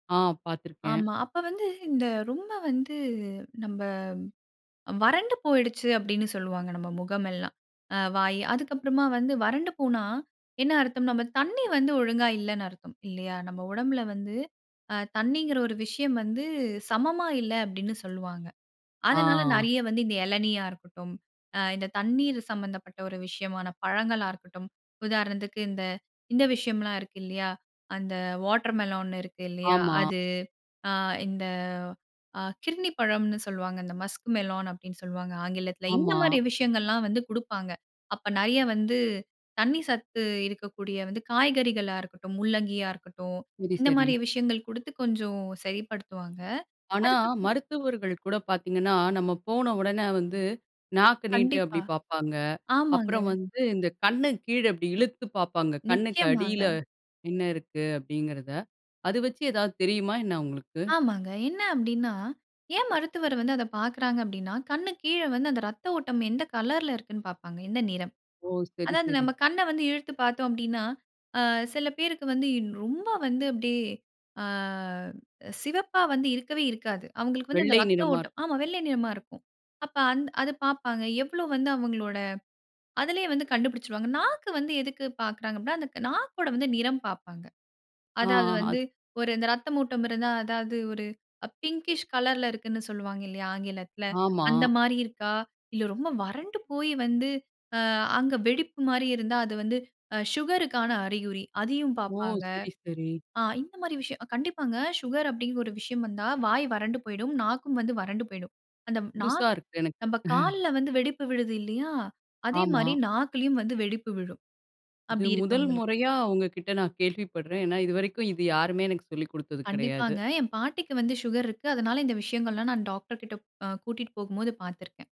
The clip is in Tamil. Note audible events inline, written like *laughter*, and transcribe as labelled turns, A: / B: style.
A: ஆ பாத்திருக்கேன்.
B: ஆமா. அப்ப வந்து இந்த ரொம்ப வந்து நம்ப வறண்டு போய்டுச்சு அப்டின்னு சொல்லுவாங்க, நம்ம முகம் எல்லாம். அ வாயி. அதுக்கு அப்புறமா வந்து வறண்டு போனா, என்ன அர்த்தம்? நம்ப தண்ணீ வந்து ஒழுங்கா இல்லன்னு அர்த்தம். இல்லையா, நம்ப உடம்பில வந்து அ தண்ணீங்குற ஒரு விஷயம் வந்து சமமா இல்ல அப்டின்னு சொல்லுவாங்க. அதனால,
A: ஆ.
B: நிறைய வந்து இந்த இளநீயா இருக்கட்டும், அ இந்த தண்ணீர் சம்மந்தப்பட்ட ஒரு விஷயமான பழங்களா இருக்கட்டும். உதாரணத்துக்கு இந்த, இந்த விஷயம்லாம் இருக்கு இல்லையா, அந்த வாட்டர்மெலன் இருக்கு இல்லையா,
A: ஆமா.
B: அது அ இந்த, அ கிர்ணிப்பழம்னு சொல்வாங்க. இந்த மஸ்க் மெலான் அப்படின்னு சொல்லுவாங்க ஆங்கிலத்தில. இந்த
A: ஆமா.
B: மாரி விஷயங்கள்லாம் வந்து குடுப்பாங்க. அப்போ நிறைய வந்து, தண்ணீ சத்து இருக்கக்கூடிய வந்து, காய்கறிகளா இருக்கட்டும். முள்ளங்கியா இருக்கட்டும்,
A: சரி,
B: இந்த
A: சரி.
B: மாரி விஷயங்கள் குடுத்து கொஞ்சம் சரிப்படுத்துவாங்க.
A: ஆனா,
B: அதுக்கு *unintelligible*
A: மருத்துவர்கள் கூட பாத்தீங்கன்னா, நம்ம போன உடனே வந்து, நாக்கு நீட்டு அப்படி
B: கண்டிப்பா,
A: பாப்பாங்க.
B: ஆமாங்க.
A: அப்புறம் வந்து இந்த கண்ணு கீழே இப்டி இழுத்துப் பாப்பாங்க. கண்ணுக்கு
B: நிச்சயமாங்க.
A: அடியில என்ன இருக்கு அப்டிங்குறத. அதை வச்சி ஏதாவது தெரியுமா என்ன அவுங்களுக்கு?
B: ஆமாங்க. என்னா அப்டின்னா, ஏன் மருத்துவர் வந்து அத பாக்கிறாங்க அப்டின்னா, கண்ணுக் கீழ வந்து அந்த ரத்த ஓட்டம் எந்த கலர்ல இருக்குன்னு பாப்பாங்க. எந்த நிறம்.
A: ஓ! சரி,
B: அதாவது
A: சரி.
B: நம்ம கண்ண வந்து இழுத்து பாத்தோம் அப்டின்னா, அ சில பேருக்கு வந்து ரொம்ப வந்து, அப்டியே அ சிவப்பா வந்து இருக்கவே இருக்காது. அவுங்களுக்கு வந்து அந்த
A: வெள்ளை
B: இரத்த
A: நிறமா இருக்கும்.
B: ஓட்டம் ஆமா வெள்ளை நிறமா இருக்கும். அப்ப அந்த அதை பாப்பாங்க. எவ்வளவு வந்து அவுங்களோட, அதிலயே வந்து கண்டுபிடிச்சிடுவாங்க. நாக்கு வந்து எதுக்கு பாக்கிறாங்க அப்டின்னா, அந்த நாக்கோட வந்து நிறம் பாப்பாங்க.
A: ஆ,
B: அதாவது வந்து
A: அத
B: ஒரு இந்த இரத்தம் ஓட்டம் இருந்தா, அதாவது ஒரு பின்ங்கிஷ் கலர்ல இருக்குன்னு சொல்லுவாங்க இல்லயா, ஆங்கிலத்தில
A: ஆமா.
B: அந்த மாரி இருக்கா, இல்லை ரொம்ப வறண்டு போயி வந்து அ அங்க வெடிப்பு மாரி இருந்தா, அது வந்து சுகருக்கான அறிகுறி. அதையும்
A: ஓ!
B: பாப்பாங்க.
A: சரி, சரி.
B: அ இந்த மாரி விஷயம், அ கண்டிப்பாங்க. சுகர் அப்டிங்கிற ஒரு விஷயம் வந்தா, வாய் வறண்டு போய்டும். நாக்கும் வந்து வறண்டு போய்டும். அந்த ம்
A: புதுசா
B: நாக்கு
A: இருக்கு எனக்கு.
B: நம்ப
A: *chuckles*
B: கால்ல வந்து வெடிப்பு விழுது இல்லையா, அதே
A: ஆமா.
B: மாரி நாக்கிலயும் வந்து வெடிப்பு விழும்.
A: இது
B: அப்படி
A: முதல்
B: இருக்கவங்களுக்கு.
A: முறையா உங்க கிட்ட நான் கேள்விப்படுறேன். ஏன்னா இதுவரைக்கும் இது யாருமே எனக்கு சொல்லிக் குடுத்தது கிடையாது.
B: கண்டிப்பாங்க. என் பாட்டிக்கு வந்து சுகர் இருக்கு. அதனால இந்த விஷயங்கள் எல்லாம் நான் டாக்டர்கிட்ட அ கூட்டிட்டு போகும்போது பாத்திருக்கேன்.